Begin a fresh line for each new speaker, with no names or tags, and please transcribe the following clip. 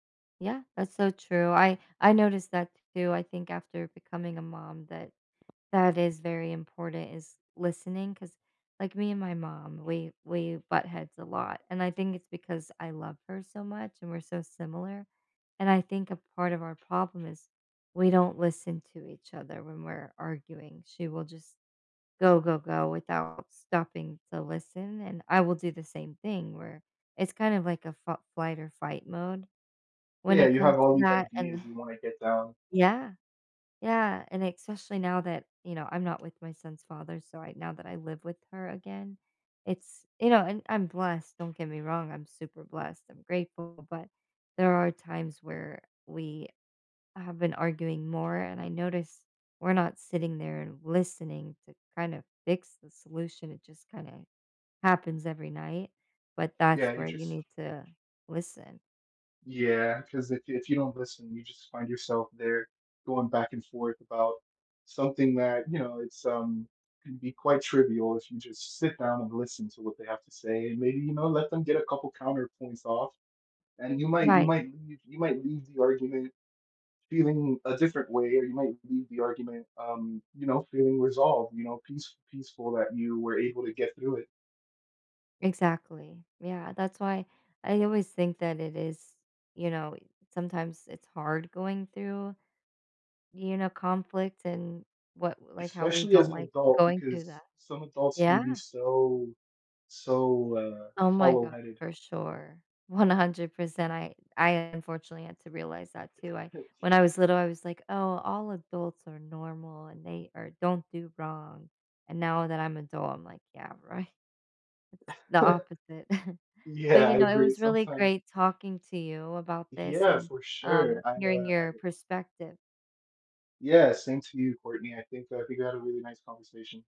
Yeah, that's so true, I I noticed that too, I think after becoming a mom, that that is very important is listening 'cause, like, me and my mom, we we butt heads a lot, and I think it's because I love her so much and we're so similar, and I think a part of our problem is we don't listen to each other when we're arguing, she will just go, go, go without stopping to listen, and I will do the same thing where it's kind of like a fal flight or fight mode when
Yeah,
it
you
comes
have all
to
these
that,
ideas
an
you wanna get down.
Yeah. Yeah, and especially now that you know, I'm not with my son's father, so right now that I live with her again, it's You know, and I'm blessed, don't get me wrong, I'm super blessed, I'm grateful, but there are times where we have been arguing more and I noticed, we're not sitting there and listening to kind of fix the solution, it just kind of happens every night, but that's
Yeah, you
where you
just
need to listen.
Yeah, 'cause if you if you don't listen, you just find yourself there going back and forth about something that you know, it's um, can be quite trivial if you just sit down and listen to what they have to say and maybe, you know, let them get a couple of counterpoints off and you might you
Right.
might y you might leave the argument feeling a different way, or you might leave the argument, um, you know, feeling resolved, you know, peace peaceful that you were able to get through it.
Exactly. Yeah, that's why I always think that it is, you know, sometimes it's hard going through, you know, conflict and what like, how we
Especially as
don't
an
like
adult
going through
because
that.
some adults can
Yeah.
be so so, uh,
Oh my god,
hollow-headed.
for sure, 100%, I I unfortunately had to realize that too, I When I was little, I was like, "Oh, all adults are normal and they are don't do wrong," and now that I'm adult, I'm like, "Yeah right," it's the opposite. But,
Yeah, I
you know, it
agree,
was really
sometimes
great talking to you about this
Yeah,
and,
for sure,
um,
I,
hearing
uh I
your
get
perspective.
Yeah, same to you, Courtney, and I think that we got a really nice conversation.